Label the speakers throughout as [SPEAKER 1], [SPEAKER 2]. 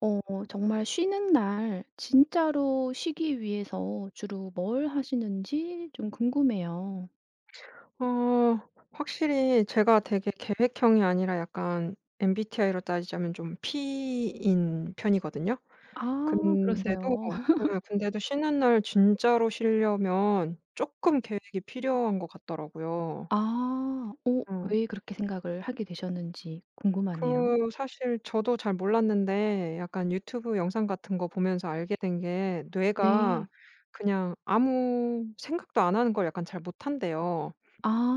[SPEAKER 1] 어 정말 쉬는 날 진짜로 쉬기 위해서 주로 뭘 하시는지 좀 궁금해요.
[SPEAKER 2] 어 확실히 제가 되게 계획형이 아니라 약간 MBTI로 따지자면 좀 P인 편이거든요.
[SPEAKER 1] 아
[SPEAKER 2] 근데도
[SPEAKER 1] 그러세요?
[SPEAKER 2] 네 근데도 쉬는 날 진짜로 쉬려면 쪼끔 계획이 필요한 것 같더라고요.
[SPEAKER 1] 아. 어.
[SPEAKER 2] 응.
[SPEAKER 1] 왜 그렇게 생각을 하게 되셨는지 궁금하네요.
[SPEAKER 2] 그 사실 저도 잘 몰랐는데 약간 유튜브 영상 같은 거 보면서 알게 된 게 뇌가
[SPEAKER 1] 네.
[SPEAKER 2] 그냥 아무 생각도 안하는 걸 약간 잘 못 한대요.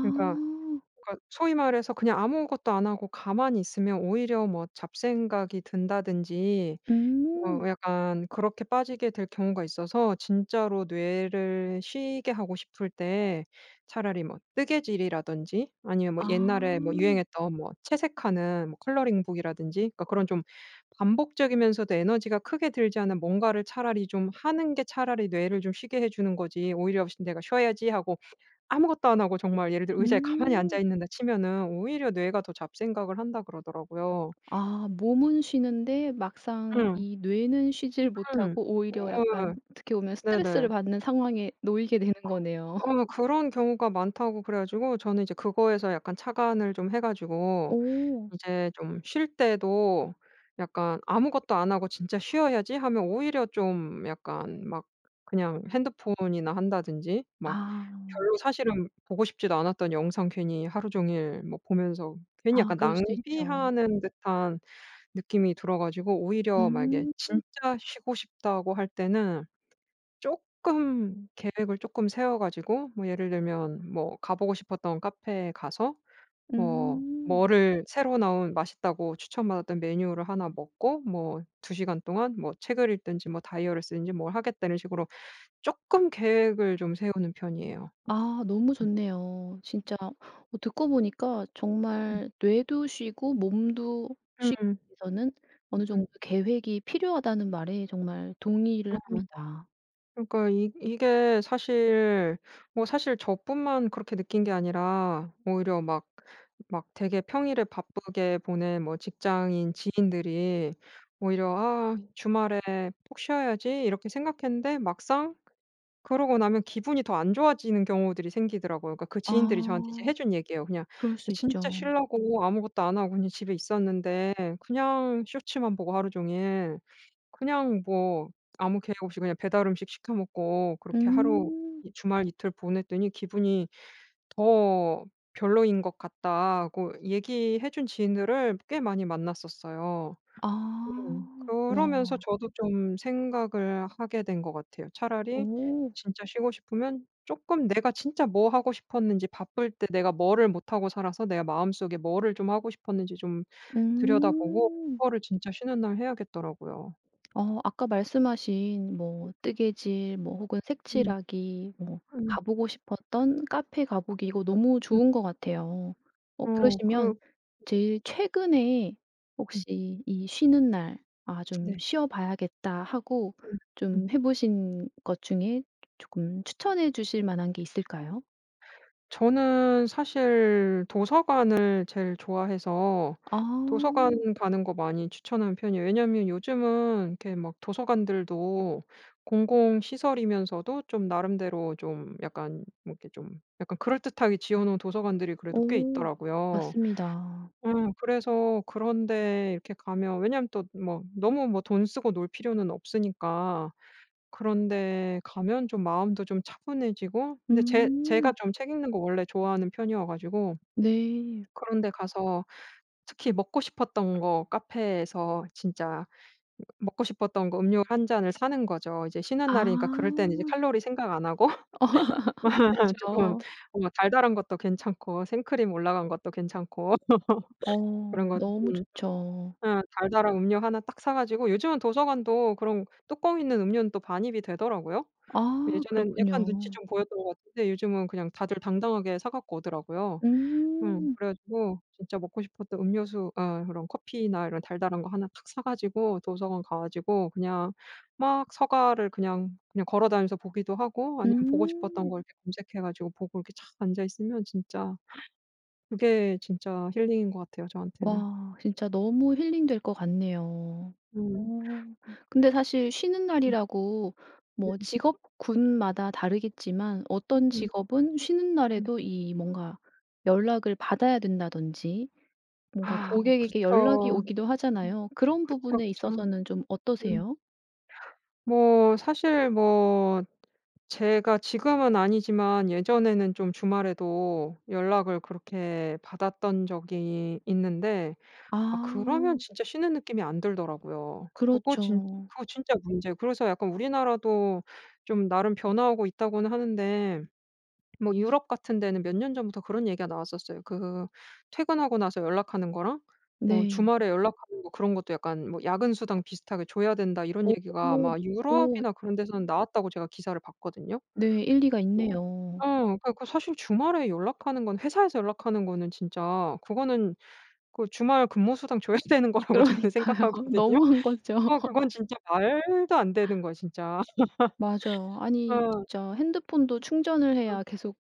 [SPEAKER 2] 그니까 그러니까 소위 말해서 그냥 아무것도 안 하고 가만히 있으면 오히려 뭐 잡생각이 든다든지
[SPEAKER 1] 음.
[SPEAKER 2] 어 약간 그렇게 빠지게 될 경우가 있어서 진짜로 뇌를 쉬게 하고 싶을 때 차라리 뭐 뜨개질이라든지 아니면 뭐
[SPEAKER 1] 아.
[SPEAKER 2] 옛날에 뭐 유행했던 뭐 채색하는 뭐 컬러링북이라든지 그러니까 그런 좀 반복적이면서도 에너지가 크게 들지 않는 뭔가를 차라리 좀 하는 게 차라리 뇌를 좀 쉬게 해 주는 거지 오히려 쉬 '내가 쉬어야지.' 하고 아무것도 안 하고 정말 예를 들어 의자에 가만히 앉아
[SPEAKER 1] 음.
[SPEAKER 2] 있는다 치면은 "오히려 뇌가 더 잡생각을 한다." 그러더라고요.
[SPEAKER 1] 아. 몸은 쉬는데 막상
[SPEAKER 2] 응.
[SPEAKER 1] 이 뇌는 쉬지를
[SPEAKER 2] 응.
[SPEAKER 1] 못하고
[SPEAKER 2] 어어
[SPEAKER 1] 오히려
[SPEAKER 2] 예.
[SPEAKER 1] 약간 어떻게 보면 스트레스를
[SPEAKER 2] 네네.
[SPEAKER 1] 받는 상황에 놓이게 되는
[SPEAKER 2] 그
[SPEAKER 1] 거네요.
[SPEAKER 2] 어 그런 경우가 많다고 그래 가지고 저는 이제 그거에서 약간 착안을 좀 해 가지고
[SPEAKER 1] 오.
[SPEAKER 2] 이제 좀 쉴 때도 약간 '아무것도 안 하고 진짜 쉬어야지.' 하면 오히려 좀 약간 막 그냥 핸드폰이나 한다든지 막
[SPEAKER 1] 아.
[SPEAKER 2] 별로 사실은 보고 싶지도 않았던 영상 괜히 하루 종일 뭐 보면서 괜히
[SPEAKER 1] 아
[SPEAKER 2] 약간
[SPEAKER 1] 그럴 수도 있죠.
[SPEAKER 2] 낭비하는 듯한 느낌이 들어 가지고 오히려 만약에
[SPEAKER 1] 음.
[SPEAKER 2] 진짜 쉬고 싶다고 할 때는 쪼끔 계획을 쪼끔 세워 가지고 뭐 예를 들면 뭐 가보고 싶었던 카페에 가서 뭐
[SPEAKER 1] 음.
[SPEAKER 2] 뭐를 새로 나온 맛있다고 추천 받았던 메뉴를 1 먹고 뭐 2 시간 동안 뭐 책을 읽든지 뭐 다이어리를 쓰든지 뭘 하겠다는 식으로 쪼끔 계획을 좀 세우는 편이에요.
[SPEAKER 1] 아. 너무
[SPEAKER 2] 음.
[SPEAKER 1] 좋네요. 진짜 어 듣고 보니까
[SPEAKER 2] 음.
[SPEAKER 1] 정말 뇌도 쉬고 몸도 쉬
[SPEAKER 2] 으응.
[SPEAKER 1] 위해서는 어느
[SPEAKER 2] 음.
[SPEAKER 1] 정도 계획이 필요하다는 말에 정말 동의를
[SPEAKER 2] 응.
[SPEAKER 1] 합니다.
[SPEAKER 2] 그러니까 이 이게 사실 뭐 사실 저뿐만 그렇게 느낀 게 아니라 오히려 막 막 되게 평일에 바쁘게 보낸 뭐 직장인 지인들이 오히려 '아 주말에 푹 쉬어야지.' 이렇게 생각했는데 막상 그러고 나면 기분이 더 안 좋아지는 경우들이 생기더라고요. 그러니까 그 지인들이 이제 저한테
[SPEAKER 1] 아.
[SPEAKER 2] 해 준 얘기예요. "그냥
[SPEAKER 1] 그럴 수
[SPEAKER 2] 진짜
[SPEAKER 1] 있죠.
[SPEAKER 2] 쉬려고 아무것도 안 하고 그냥 집에 있었는데 그냥 쇼츠만 보고 하루종일 그냥 뭐 아무 계획 없이 그냥 배달 음식 시켜 먹고 그렇게 하루
[SPEAKER 1] 음.
[SPEAKER 2] 이 주말 이틀 보냈더니 기분이 더 별로인 것 같다."고 얘기해 준 지인들을 꽤 많이 만났었어요. 음.
[SPEAKER 1] 아.
[SPEAKER 2] 그러면서
[SPEAKER 1] 와.
[SPEAKER 2] 저도 좀 생각을 하게 된 것 같아요. 차라리
[SPEAKER 1] 오.
[SPEAKER 2] 진짜 쉬고 싶으면 쪼끔 내가 진짜 뭐 하고 싶었는지, 바쁠 때 내가 뭐를 못 하고 살아서 내가 마음속에 뭐를 좀 하고 싶었는지 좀 들여다보고
[SPEAKER 1] 음.
[SPEAKER 2] 그거를 진짜 쉬는 날 해야겠더라고요.
[SPEAKER 1] 어 아까 말씀하신
[SPEAKER 2] 음.
[SPEAKER 1] 뭐 뜨개질 뭐 혹은
[SPEAKER 2] 음.
[SPEAKER 1] 색칠하기 뭐
[SPEAKER 2] 음.
[SPEAKER 1] 가 보고 싶었던 카페 가 보기 이거 너무
[SPEAKER 2] 음.
[SPEAKER 1] 좋은 것 같아요. 어
[SPEAKER 2] 어.
[SPEAKER 1] 그러시면
[SPEAKER 2] 그르
[SPEAKER 1] 제일 최근에
[SPEAKER 2] 응.
[SPEAKER 1] 혹시 이 쉬는 날 '아 좀
[SPEAKER 2] 네.
[SPEAKER 1] 쉬어 봐야겠다.' 하고
[SPEAKER 2] 음. 음.
[SPEAKER 1] 좀 해 보신 것 중에 조금 추천해 주실 만한 게 있을까요?
[SPEAKER 2] 저는 사실 도서관을 제일 좋아해서 도서관
[SPEAKER 1] 아.
[SPEAKER 2] 가는 거 많이 추천하는 편이에요. 왜냐하면 요즘은 이렇게 막 도서관들도 공공시설이면서도 좀 나름대로 좀 약간 뭐 이렇게 좀 약간 그럴듯하게 지어 놓은 도서관들이 그래도 꽤
[SPEAKER 1] 오.
[SPEAKER 2] 있더라고요.
[SPEAKER 1] 맞습니다.
[SPEAKER 2] 어 그래서 그런 데 이렇게 가면 왜냐하면 또 뭐 너무 뭐 돈 쓰고 놀 필요는 없으니까 그런 데 가면 좀 마음도 좀 차분해지고 근데 제 제가
[SPEAKER 1] 음.
[SPEAKER 2] 좀 책 읽는 거 원래 좋아하는 편이어 가지고
[SPEAKER 1] 네.
[SPEAKER 2] 그런 데 가서 특히 먹고 싶었던 거 카페에서 진짜 이거 먹고 싶었던 거 음료 1 잔을 사는 거죠. 이제 쉬는 날이니까 그럴 땐 이제
[SPEAKER 1] 아.
[SPEAKER 2] 칼로리 생각 안 하고 쪼금
[SPEAKER 1] 그쵸.
[SPEAKER 2] 뭔가 달달한 것도 괜찮고 생크림 올라간 것도 괜찮고. 그런
[SPEAKER 1] 어
[SPEAKER 2] 거
[SPEAKER 1] 너무
[SPEAKER 2] 쪼금 좀
[SPEAKER 1] 좋죠.
[SPEAKER 2] 예. 달달한 음료 1 딱 사 가지고 요즘은 도서관도 그런 뚜껑 있는 음료는 또 반입이 되더라고요.
[SPEAKER 1] 아
[SPEAKER 2] 예전에는 약간 눈치
[SPEAKER 1] 그렇군요.
[SPEAKER 2] 좀 보였던 것 같은데 요즘은 그냥 다들 당당하게 사 갖고 오더라고요. 음.
[SPEAKER 1] 음.
[SPEAKER 2] 그래 가지고 진짜 먹고 싶었던 음료수 어 그런 커피나 이런 달달한 거 1 딱 사 가지고 도서관 가 가지고 그냥 막 서가를 그냥 그냥 걸어 다니면서 보기도 하고 아니면 보고 싶었던
[SPEAKER 1] 음.
[SPEAKER 2] 걸 이렇게 검색해 가지고 보고 이렇게 착 앉아 있으면 진짜 그게 진짜 힐링인 것 같아요, 저한테는.
[SPEAKER 1] 와 진짜 너무 힐링될 것 같네요.
[SPEAKER 2] 음.
[SPEAKER 1] 오.
[SPEAKER 2] 음.
[SPEAKER 1] 근데 사실 쉬는
[SPEAKER 2] 음.
[SPEAKER 1] 날이라고 뭐
[SPEAKER 2] 음.
[SPEAKER 1] 직업군마다 다르겠지만 어떤
[SPEAKER 2] 음.
[SPEAKER 1] 직업은 쉬는
[SPEAKER 2] 음.
[SPEAKER 1] 날에도 이 뭔가 연락을 받아야 된다든지 뭔가
[SPEAKER 2] 아 뭐
[SPEAKER 1] 고객에게 연락이
[SPEAKER 2] 그렇죠.
[SPEAKER 1] 오기도
[SPEAKER 2] 음.
[SPEAKER 1] 하잖아요. 그런
[SPEAKER 2] 그쵸,
[SPEAKER 1] 부분에
[SPEAKER 2] 그쵸.
[SPEAKER 1] 있어서는 좀
[SPEAKER 2] 음.
[SPEAKER 1] 어떠세요?
[SPEAKER 2] 뭐 사실 뭐 제가 지금은 아니지만 예전에는 좀 주말에도 연락을 그렇게 받았던 적이 있는데 아 그러면
[SPEAKER 1] 아.
[SPEAKER 2] 진짜 쉬는 느낌이 안 들더라고요. 그거 진
[SPEAKER 1] 그렇죠.
[SPEAKER 2] 그거 진짜 문제예요. 그래서 약간 '우리나라도 좀 나름 변화하고 있다.' 고는 하는데 뭐 유럽 같은 데는 몇 년 전부터 그런 얘기가 나왔었어요. 그 "퇴근하고 나서 연락하는 거랑 뭐
[SPEAKER 1] 네.
[SPEAKER 2] 주말에 연락하는 거 그런 것도 약간 뭐 야근 수당 비슷하게 줘야 된다." 이런
[SPEAKER 1] 오.
[SPEAKER 2] 얘기가 아마
[SPEAKER 1] 오.
[SPEAKER 2] 유럽이나 그런 데서는 나왔다고 제가 기사를 봤거든요.
[SPEAKER 1] 네. 일리가
[SPEAKER 2] 어
[SPEAKER 1] 있네요.
[SPEAKER 2] 어 그래 갖고 사실 주말에 연락하는 건 회사에서 연락하는 거는 진짜 그거는 그 주말 근무 수당 줘야 되는 거라고 저는
[SPEAKER 1] 그러니까요.
[SPEAKER 2] 생각하거든요.
[SPEAKER 1] 너무한 거죠.
[SPEAKER 2] 어 그건 진짜 말도 안 되는 거예요, 진짜.
[SPEAKER 1] 맞아요. 아니
[SPEAKER 2] 어.
[SPEAKER 1] 진짜 핸드폰도 충전을
[SPEAKER 2] 어.
[SPEAKER 1] 해야 계속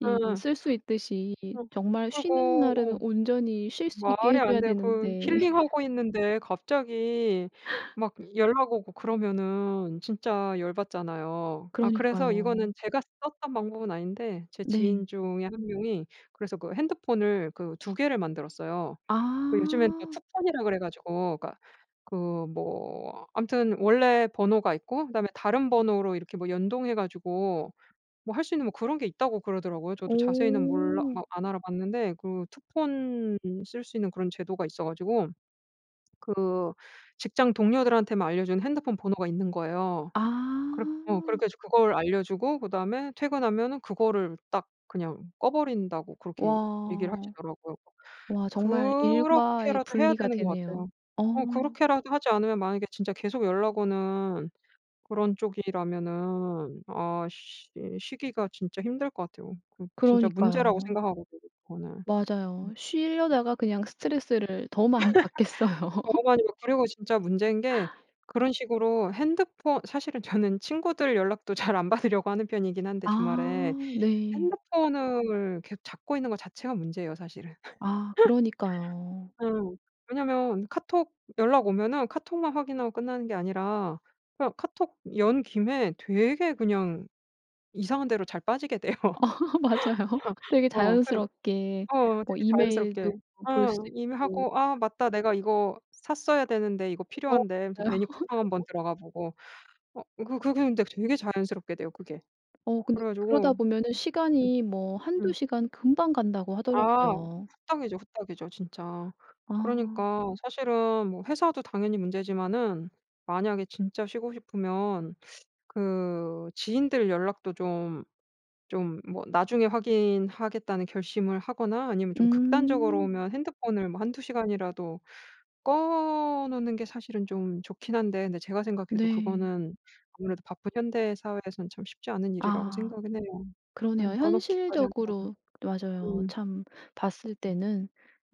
[SPEAKER 1] 이
[SPEAKER 2] 어.
[SPEAKER 1] 쓸 수 있듯이
[SPEAKER 2] 어.
[SPEAKER 1] 정말 쉬는
[SPEAKER 2] 그리고
[SPEAKER 1] 날에는
[SPEAKER 2] 어
[SPEAKER 1] 온전히 쉴 수 있게
[SPEAKER 2] 말이
[SPEAKER 1] 해
[SPEAKER 2] 안
[SPEAKER 1] 줘야
[SPEAKER 2] 돼요. 그
[SPEAKER 1] 되는데.
[SPEAKER 2] 힐링하고 있는데 갑자기 막 연락 오고 그러면은 진짜 열 받잖아요. 아 그래서
[SPEAKER 1] 그러니까요.
[SPEAKER 2] 이거는 제가 썼던 방법은 아닌데 제
[SPEAKER 1] 네.
[SPEAKER 2] 지인 중에 1 명이 그래서 그 핸드폰을 그 2 개를 만들었어요. 그 요즘엔 다
[SPEAKER 1] 아.
[SPEAKER 2] 투폰이라 그래 가지고 그러니까 그 뭐 암튼 "원래 번호가 있고 그다음에 다른 번호로 이렇게 뭐 연동해 가지고 뭐 할 수 있는 뭐 그런 게 있다."고 그러더라고요. 저도 자세히는 몰라
[SPEAKER 1] 오.
[SPEAKER 2] 막 안 알아봤는데 그 투폰 쓸 수 있는 그런 제도가 있어 가지고 그 직장 동료들한테만 알려준 핸드폰 번호가 있는 거예요.
[SPEAKER 1] 아.
[SPEAKER 2] 그렇 어 그래 가지고 그걸 알려주고 그다음에 퇴근하면은 그거를 딱 그냥 꺼 버린다고 그렇게 얘기를
[SPEAKER 1] 와.
[SPEAKER 2] 하시더라고요.
[SPEAKER 1] 와 정말 일과의
[SPEAKER 2] 그렇게라도 해야
[SPEAKER 1] 분리가
[SPEAKER 2] 되는 것
[SPEAKER 1] 되네요.
[SPEAKER 2] 같아요.
[SPEAKER 1] 어.
[SPEAKER 2] 어 그렇게라도 하지 않으면 만약에 진짜 계속 연락 오는 그런 쪽이라면은 아 쉬 쉬기가 진짜 힘들 것 같아요. 그거 진짜 문제라고
[SPEAKER 1] 그러니까요.
[SPEAKER 2] 생각하거든요 그거는. 음.
[SPEAKER 1] 맞아요.
[SPEAKER 2] 음.
[SPEAKER 1] 쉬려다가 그냥 스트레스를 더 많이 받겠어요.
[SPEAKER 2] 다름 아니고 그리고 진짜 문제인 게 그런 식으로 핸드폰 사실은 저는 친구들 연락도 잘 안 받으려고 하는 편이긴 한데 주말에.
[SPEAKER 1] 아 네.
[SPEAKER 2] 핸드폰을 계속 잡고 있는 거 자체가 문제예요 사실은.
[SPEAKER 1] 아 그러니까요.
[SPEAKER 2] 어 왜냐하면 카톡 연락 오면은 카톡만 확인하고 끝나는 게 아니라 그냥 카톡 연 김에 되게 그냥 이상한 데로 잘 빠지게 돼요.
[SPEAKER 1] 맞아요. 되게
[SPEAKER 2] 어 그냥
[SPEAKER 1] 자연스럽게
[SPEAKER 2] 어
[SPEAKER 1] 뭐
[SPEAKER 2] 되게
[SPEAKER 1] 이메일도
[SPEAKER 2] 자연스럽게.
[SPEAKER 1] 뭐 볼
[SPEAKER 2] 어
[SPEAKER 1] 수
[SPEAKER 2] 이미
[SPEAKER 1] 있고
[SPEAKER 2] 하고 '아 맞다. 내가 이거 샀어야 되는데. 이거
[SPEAKER 1] 어 맞아요.
[SPEAKER 2] 필요한데.' 하면서 괜히 쿠팡 1 번 들어가 보고. 어 그 그 근데 되게 자연스럽게 돼요 그게.
[SPEAKER 1] 어 근데
[SPEAKER 2] 그래 가지고
[SPEAKER 1] 그러다
[SPEAKER 2] 음.
[SPEAKER 1] 보면은
[SPEAKER 2] 음.
[SPEAKER 1] 시간이 뭐 1-2
[SPEAKER 2] 음.
[SPEAKER 1] 시간 금방 간다고
[SPEAKER 2] 아
[SPEAKER 1] 하더라고요.
[SPEAKER 2] 후딱이죠, 후딱이죠 진짜.
[SPEAKER 1] 아.
[SPEAKER 2] 그러니까 사실은 뭐 회사도 당연히 문제지만은 만약에 진짜 쉬고 싶으면 그 지인들 연락도 좀 좀 뭐 '나중에 확인하겠다.'는 결심을 하거나 아니면 좀 극단적으로
[SPEAKER 1] 음.
[SPEAKER 2] 보면 핸드폰을 뭐 1-2 시간이라도 꺼 놓는 게 사실은 좀 좋긴 한데 근데 제가 생각해도
[SPEAKER 1] 네.
[SPEAKER 2] 그거는 아무래도 바쁜 현대 사회에서는 참 쉽지 않은 일이라고
[SPEAKER 1] 아.
[SPEAKER 2] 생각은 해요. 네.
[SPEAKER 1] 그러네요.
[SPEAKER 2] 꺼 놓기까지 하는
[SPEAKER 1] 현실적으로
[SPEAKER 2] 거는.
[SPEAKER 1] 맞아요.
[SPEAKER 2] 음.
[SPEAKER 1] 참 봤을
[SPEAKER 2] 음.
[SPEAKER 1] 때는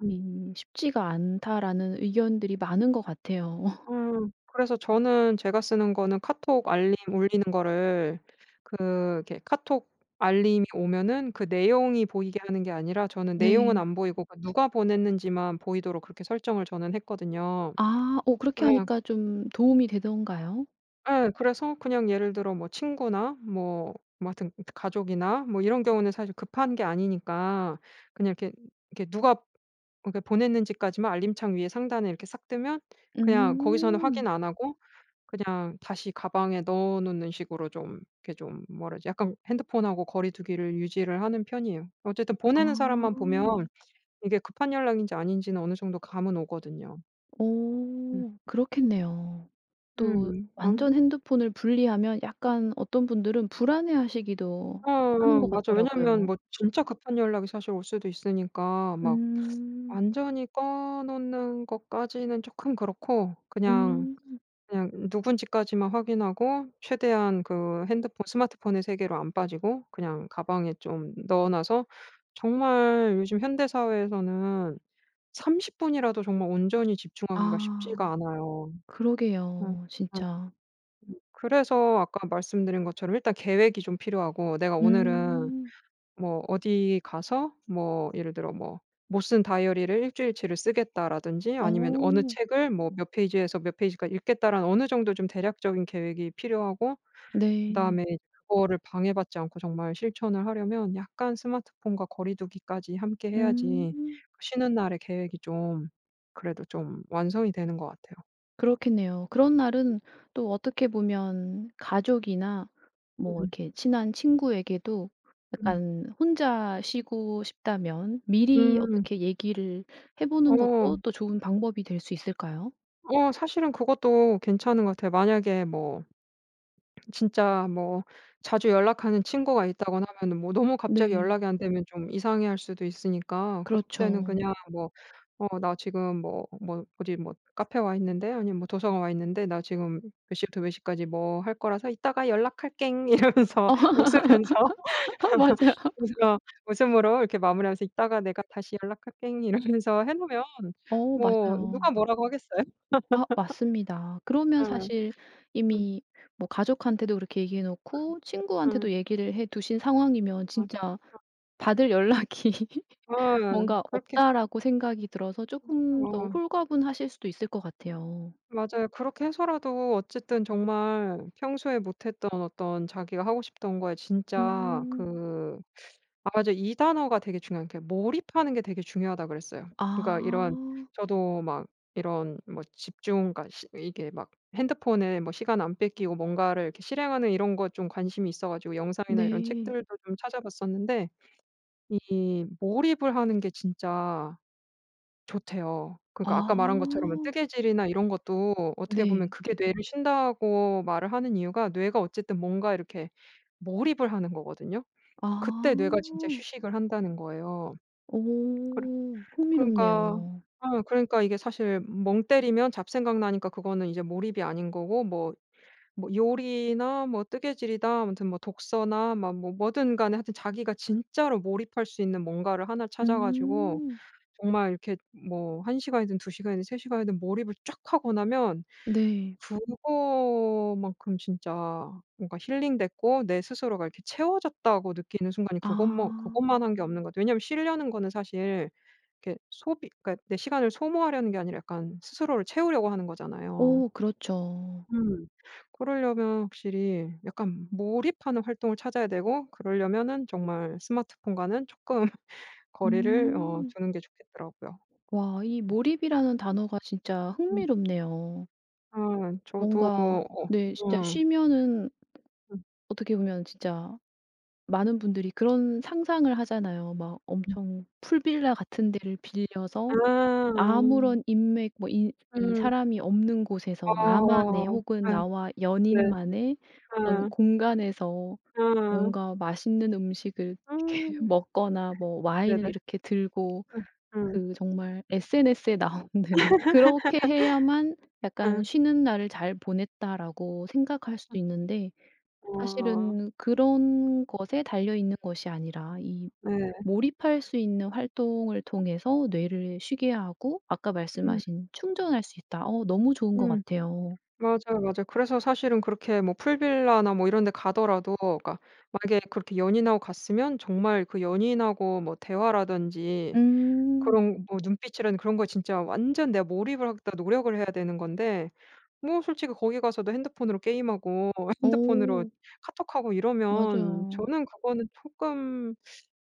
[SPEAKER 2] 음.
[SPEAKER 1] 이 "쉽지가 않다."라는 의견들이 많은 것 같아요.
[SPEAKER 2] 음. 그래서 저는 제가 쓰는 거는 카톡 알림 울리는 거를 그 이렇게 카톡 알림이 오면은 그 내용이 보이게 하는 게 아니라 저는 내용은
[SPEAKER 1] 네.
[SPEAKER 2] 안 보이고 그 누가 보냈는지만 보이도록 그렇게 설정을 저는 했거든요.
[SPEAKER 1] 아. 어 그렇게
[SPEAKER 2] 그래야
[SPEAKER 1] 하니까 좀 도움이 되던가요?
[SPEAKER 2] 예. 그래서 그냥 예를 들어 뭐 친구나 뭐 뭐 하여튼 가족이나 뭐 이런 경우는 사실 급한 게 아니니까 그냥 이렇게 이렇게 누가 그러니까 보냈는지까지만 알림창 위에 상단에 이렇게 싹 뜨면 그냥 거기서는
[SPEAKER 1] 음.
[SPEAKER 2] 확인 안 하고 그냥 다시 가방에 넣어 놓는 식으로 좀 이렇게 좀 뭐라지 약간 핸드폰하고 거리 두기를 유지를 하는 편이에요. 어쨌든
[SPEAKER 1] 아.
[SPEAKER 2] 보내는 사람만 보면 이게 급한 연락인지 아닌지는 어느 정도 감은 오거든요. 음.
[SPEAKER 1] 어 그렇겠네요. 또
[SPEAKER 2] 음. 아.
[SPEAKER 1] 완전 핸드폰을 분리하면 약간 어떤 분들은 불안해 하시기도
[SPEAKER 2] 어
[SPEAKER 1] 하는
[SPEAKER 2] 어
[SPEAKER 1] 것
[SPEAKER 2] 맞아. 왜냐면
[SPEAKER 1] 같더라고요.
[SPEAKER 2] 뭐 진짜 급한 연락이 사실 올 수도 있으니까 막
[SPEAKER 1] 음.
[SPEAKER 2] 완전히 꺼 놓는 것까지는 쪼끔 그렇고 그냥
[SPEAKER 1] 음.
[SPEAKER 2] 그냥 누군지까지만 확인하고 최대한 그 핸드폰 스마트폰의 세계로 안 빠지고 그냥 가방에 좀 넣어 놔서 정말 요즘 현대사회에서는 30 분이라도 정말 온전히 집중하기가
[SPEAKER 1] 아.
[SPEAKER 2] 쉽지가 않아요. 음.
[SPEAKER 1] 그러게요
[SPEAKER 2] 음.
[SPEAKER 1] 진짜.
[SPEAKER 2] 음. 그래서 아까 말씀드린 것처럼 일단 계획이 좀 필요하고 '내가 오늘은
[SPEAKER 1] 음.
[SPEAKER 2] 뭐 어디 가서' 뭐 예를 들어 뭐 '못 쓴 다이어리를 1 주일 치를 쓰겠다.'라든지 아니면 '어느
[SPEAKER 1] 어.
[SPEAKER 2] 책을 뭐 몇 페이지에서 몇 페이지까지 읽겠다.'라는 어느 정도 좀 대략적인 계획이 필요하고
[SPEAKER 1] 네.
[SPEAKER 2] 그다음에 그거를 방해받지 않고 정말 실천을 하려면 약간 스마트폰과 거리두기까지 함께 해야지
[SPEAKER 1] 음.
[SPEAKER 2] 그 쉬는 날에 계획이 좀 그래도 좀 완성이 되는 것 같아요.
[SPEAKER 1] 그렇겠네요. 그런 날은 또 어떻게 보면 가족이나 뭐
[SPEAKER 2] 음.
[SPEAKER 1] 이렇게 친한 친구에게도
[SPEAKER 2] 음.
[SPEAKER 1] 약간 혼자 쉬고 싶다면 미리
[SPEAKER 2] 음.
[SPEAKER 1] 어떻게 얘기를 해 보는 것도
[SPEAKER 2] 어.
[SPEAKER 1] 또 좋은 방법이 될 수 있을까요?
[SPEAKER 2] 어 사실은 그것도 괜찮은 것 같아요. 만약에 뭐 진짜 뭐 자주 연락하는 친구가 있다거나 하면은 뭐 너무 갑자기
[SPEAKER 1] 네.
[SPEAKER 2] 연락이 안 되면 좀 이상해 할 수도 있으니까. 그럴 때는
[SPEAKER 1] 그렇죠.
[SPEAKER 2] 그냥 뭐 "어 나 지금 뭐 뭐 어디 뭐 카페 와 있는데 아니면 뭐 도서관 와 있는데 나 지금 몇 시부터 몇 시까지 뭐 할 거라서 이따가 연락할껭." 이러면서 웃으면서
[SPEAKER 1] 맞아요.
[SPEAKER 2] 웃음 어 웃음으로 이렇게 마무리하면서 "이따가 내가 다시 연락할껭." 이러면서 해 놓으면
[SPEAKER 1] 어
[SPEAKER 2] 뭐 누가
[SPEAKER 1] 맞아요.
[SPEAKER 2] 뭐라고 하겠어요?
[SPEAKER 1] 아 맞습니다. 그러면
[SPEAKER 2] 어.
[SPEAKER 1] 사실
[SPEAKER 2] 응.
[SPEAKER 1] 이미 뭐 가족한테도 그렇게 얘기해
[SPEAKER 2] 그러면
[SPEAKER 1] 놓고
[SPEAKER 2] 응.
[SPEAKER 1] 친구한테도 얘기를 해 두신 상황이면
[SPEAKER 2] 응 응.
[SPEAKER 1] 진짜' 받을 연락이
[SPEAKER 2] 어
[SPEAKER 1] 뭔가
[SPEAKER 2] 그렇게
[SPEAKER 1] 없다.'라고 생각이 들어서
[SPEAKER 2] 응
[SPEAKER 1] 쪼금 더
[SPEAKER 2] 어.
[SPEAKER 1] 홀가분하실 수도 있을 것 같아요.
[SPEAKER 2] 맞아요. 그렇게 해서라도 어쨌든 정말 평소에 못 했던 어떤 자기가 하고 싶던 거에 진짜
[SPEAKER 1] 음.
[SPEAKER 2] 그 맞아 이 단어가 되게 중요한데 몰입하는 게 되게 중요하다고 그랬어요. 그러니까 이런
[SPEAKER 1] 아.
[SPEAKER 2] 저도 막 이런 뭐 집중 그러니까 스 이게 막 핸드폰을 뭐 시간 안 뺏기고 뭔가를 이렇게 실행하는 이런 거 좀 관심이 있어 가지고 영상이나 이런
[SPEAKER 1] 네.
[SPEAKER 2] 책들도 좀 찾아 봤었는데 이 몰입을 하는 게 진짜 좋대요. 그러니까 아까 말한 것처럼 이
[SPEAKER 1] 아.
[SPEAKER 2] 뜨개질이나 이런 것도 어떻게 보면
[SPEAKER 1] 네.
[SPEAKER 2] 그게 뇌를 쉰다고 말을 하는 이유가 뇌가 어쨌든 뭔가 이렇게 몰입을 하는 거거든요. 그때 뇌가 진짜
[SPEAKER 1] 아.
[SPEAKER 2] 휴식을 한다는 거예요. 그래
[SPEAKER 1] 오
[SPEAKER 2] 그러니까
[SPEAKER 1] 흥미롭네요.
[SPEAKER 2] 어 그러니까 이게 사실 멍 때리면 잡생각 나니까 그거는 이제 몰입이 아닌 거고 뭐 뭐 요리나 뭐 뜨개질이다 아무튼 뭐 독서나 막 뭐 뭐든 간에 하여튼 자기가 진짜로 몰입할 수 있는 뭔가를 1 를 찾아 가지고
[SPEAKER 1] 음.
[SPEAKER 2] 정말 이렇게 뭐 1 시간이든 2 시간이든 3 시간이든 몰입을 쫙 하고 나면
[SPEAKER 1] 네.
[SPEAKER 2] 그거만큼 진짜 뭔가 힐링됐고 내 스스로가 이렇게 채워졌다고 느끼는 순간이 그것만
[SPEAKER 1] 아.
[SPEAKER 2] 그것만 한 게 없는 거 같아요. 왜냐면 쉬려는 거는 사실 이렇게 소비 그러니까 내 시간을 소모하려는 게 아니라 약간 스스로를 채우려고 하는 거잖아요.
[SPEAKER 1] 어 그렇죠.
[SPEAKER 2] 음 그러려면 확실히 약간 몰입하는 활동을 찾아야 되고 그러려면은 정말 스마트폰과는 쪼끔 거리를 어
[SPEAKER 1] 음.
[SPEAKER 2] 두는 게 좋겠더라고요.
[SPEAKER 1] 와 이
[SPEAKER 2] 음.
[SPEAKER 1] 몰입이라는 단어가 진짜
[SPEAKER 2] 음.
[SPEAKER 1] 흥미롭네요.
[SPEAKER 2] 아 저도
[SPEAKER 1] 뭔가
[SPEAKER 2] 어
[SPEAKER 1] 네 진짜
[SPEAKER 2] 좀
[SPEAKER 1] 쉬면은
[SPEAKER 2] 음.
[SPEAKER 1] 어떻게 보면 진짜 많은 분들이 그런 상상을 하잖아요. 막
[SPEAKER 2] 음.
[SPEAKER 1] 엄청 풀빌라 같은 데를
[SPEAKER 2] 아
[SPEAKER 1] 빌려서
[SPEAKER 2] 아.
[SPEAKER 1] 아무런 인맥 뭐 이 이
[SPEAKER 2] 음.
[SPEAKER 1] 사람이 없는 곳에서
[SPEAKER 2] 아
[SPEAKER 1] 나만의 혹은
[SPEAKER 2] 네.
[SPEAKER 1] 나와
[SPEAKER 2] 네.
[SPEAKER 1] 연인만의 어떤
[SPEAKER 2] 음.
[SPEAKER 1] 공간에서
[SPEAKER 2] 응.
[SPEAKER 1] 뭔가 맛있는 음식을 이렇게
[SPEAKER 2] 음.
[SPEAKER 1] 먹거나 뭐 와인을
[SPEAKER 2] 네네.
[SPEAKER 1] 이렇게 들고
[SPEAKER 2] 응 응.
[SPEAKER 1] 그 정말 SNS에 나오는 그렇게 해야만 약간
[SPEAKER 2] 응.
[SPEAKER 1] '쉬는 날을 잘 보냈다.'라고 생각할 수도
[SPEAKER 2] 음.
[SPEAKER 1] 있는데
[SPEAKER 2] 어.
[SPEAKER 1] 사실은 그런 것에 달려있는 것이 아니라 이
[SPEAKER 2] 네.
[SPEAKER 1] 몰입할 수 있는 활동을
[SPEAKER 2] 음.
[SPEAKER 1] 통해서 뇌를 쉬게 하고 아까
[SPEAKER 2] 음.
[SPEAKER 1] 말씀하신 "충전할 수 있다." 어 너무 좋은 것
[SPEAKER 2] 음.
[SPEAKER 1] 같아요.
[SPEAKER 2] 맞아요, 맞아요. 그래서 사실은 그렇게 뭐 풀빌라나 뭐 이런 데 가더라도 그니까 만약에 그렇게 연인하고 갔으면 정말 그 연인하고 뭐 대화라든지
[SPEAKER 1] 음.
[SPEAKER 2] 그런 뭐 눈빛이라든지 그런 거 진짜 완전 내가 몰입을 하겠다고 노력을 해야 되는 건데 뭐 솔직히 거기 가서도 핸드폰으로 게임하고 핸드폰으로
[SPEAKER 1] 오.
[SPEAKER 2] 카톡하고 이러면
[SPEAKER 1] 맞아요.
[SPEAKER 2] 저는 그거는 쪼끔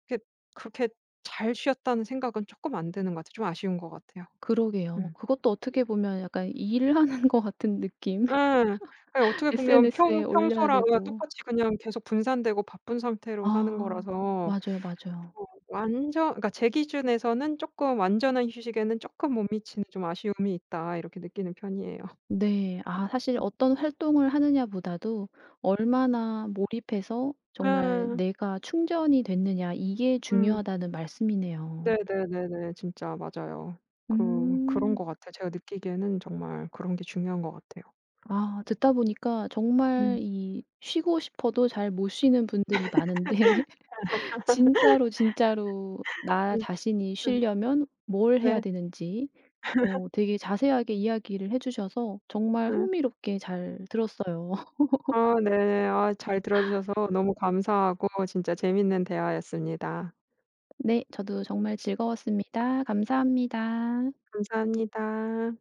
[SPEAKER 2] 그게 그렇게 잘 쉬었다는 생각은 쪼끔 안 드는 것 같아요. 좀 아쉬운 것 같아요.
[SPEAKER 1] 그러게요.
[SPEAKER 2] 음.
[SPEAKER 1] 그것도 어떻게
[SPEAKER 2] [unintelligible]
[SPEAKER 1] 보면 약간 일하는 것 같은 느낌.
[SPEAKER 2] 예. 그게 어떻게 보면
[SPEAKER 1] SNS에
[SPEAKER 2] 평
[SPEAKER 1] 올려야
[SPEAKER 2] 평소랑 어
[SPEAKER 1] 되고.
[SPEAKER 2] 똑같이 그냥 계속 분산되고 바쁜 상태로 사는
[SPEAKER 1] 아.
[SPEAKER 2] 거라서
[SPEAKER 1] 맞아요, 맞아요.
[SPEAKER 2] 어 완전 그니까 제 기준에서는 '쪼끔 완전한 휴식에는 쪼끔 못 미치는 좀 아쉬움이 있다.' 이렇게 느끼는 편이에요.
[SPEAKER 1] 네. 아 사실
[SPEAKER 2] 음.
[SPEAKER 1] "어떤 활동을 하느냐 보다도 얼마나 몰입해서 정말
[SPEAKER 2] 아.
[SPEAKER 1] 내가 충전이 됐느냐." 이게
[SPEAKER 2] 응.
[SPEAKER 1] 중요하다는 말씀이네요.
[SPEAKER 2] 네네네네. 진짜 맞아요. 그 그런 것
[SPEAKER 1] 음.
[SPEAKER 2] 같아요. 제가 느끼기에는 정말 그런 게 중요한 것 같아요.
[SPEAKER 1] 아. 듣다 보니까 정말
[SPEAKER 2] 음.
[SPEAKER 1] 이 쉬고 싶어도 잘 못 쉬는 분들이 많은데 진짜로, 진짜로 나
[SPEAKER 2] 응
[SPEAKER 1] 자신이
[SPEAKER 2] 응.
[SPEAKER 1] 쉬려면 뭘 해야
[SPEAKER 2] 네.
[SPEAKER 1] 되는지 어 되게 자세하게 이야기를 해주셔서 정말
[SPEAKER 2] 음.
[SPEAKER 1] 흥미롭게 잘 들었어요.
[SPEAKER 2] 아 네. 아 잘 들어 주셔서 너무 감사하고 진짜 재밌는 대화였습니다.
[SPEAKER 1] 네. 저도 정말 즐거웠습니다. 감사합니다.
[SPEAKER 2] 감사합니다.